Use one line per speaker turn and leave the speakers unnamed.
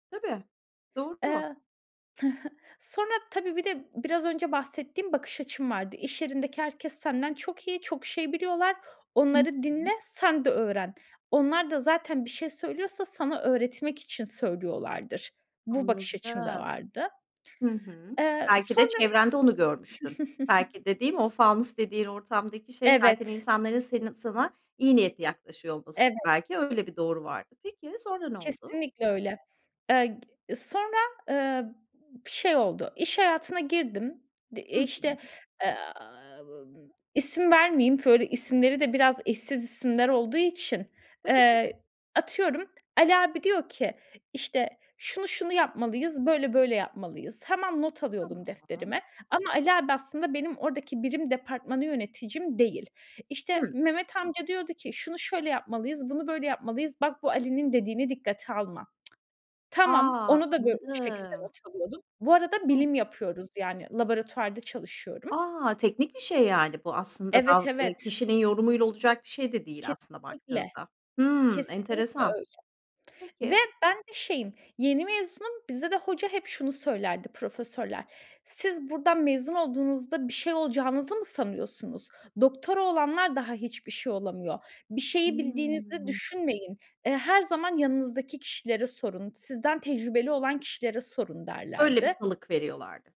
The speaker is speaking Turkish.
Tabii, doğru.
Eee, sonra tabii bir de biraz önce bahsettiğim bakış açım vardı. İş yerindeki herkes senden çok iyi, çok şey biliyorlar.
Hı
Onları dinle,
hı.
sen de öğren. Onlar da zaten bir şey söylüyorsa sana öğretmek için söylüyorlardır. Bu bakış
Anladım.
açım da vardı.
Hı hı.
Eee,
Belki de
sonra
çevrende onu görmüştün. Belki dediğim, o fanus dediğin ortamdaki şey zaten
Evet.
insanların seni sana iyi niyetli yaklaşıyor olmasıydı,
Evet.
belki öyle bir doğru vardı. Peki, sonra ne oldu?
Kesinlikle öyle. Eee, g sonra, ııı, b şey oldu, iş hayatına girdim. D
Hı
eee, işte,
hı.
aaa, ımm, isim vermeyeyim, böyle isimleri de biraz eşsiz isimler olduğu için,
Tabii.
eee, atıyorum Ali abi diyor ki, işte, "şunu şunu yapmalıyız, böyle böyle yapmalıyız." Tamam, not alıyordum
Tamam.
defterime ama Ali abi aslında benim oradaki birim departmanı yöneticim değil. İşte,
Hımm.
Mehmet amca diyordu ki, "şunu şöyle yapmalıyız, bunu böyle yapmalıyız, bak bu Ali'nin dediğini dikkate alma". Tamam,
A!
onu da bu şekilde
Anladım.
not alıyordum. Bu arada bilim yapıyoruz, yani laboratuvarda çalışıyorum.
A! Teknik bir şey yani bu aslında
Evet,
dav eee,
evet.
kişinin yorumuyla olacak bir şey de değil aslına
Kesinlikle,
baktığında. Hımm,
kesinlikle
enteresan.
öyle ve
Peki.
ben de şeyim, yeni mezunum, bizde de hoca hep şunu söylerdi profesörler: "Siz buradan mezun olduğunuzda bir şey olacağınızı mı sanıyorsunuz? Doktora olanlar daha hiçbir şey olamıyor. Bir şeyi bildiğinizi
Hımm.
düşünmeyin. Eee, her zaman yanınızdaki kişilere sorun. Sizden tecrübeli olan kişilere sorun."
Öyle bir
derlerdi.
salık veriyorlardı.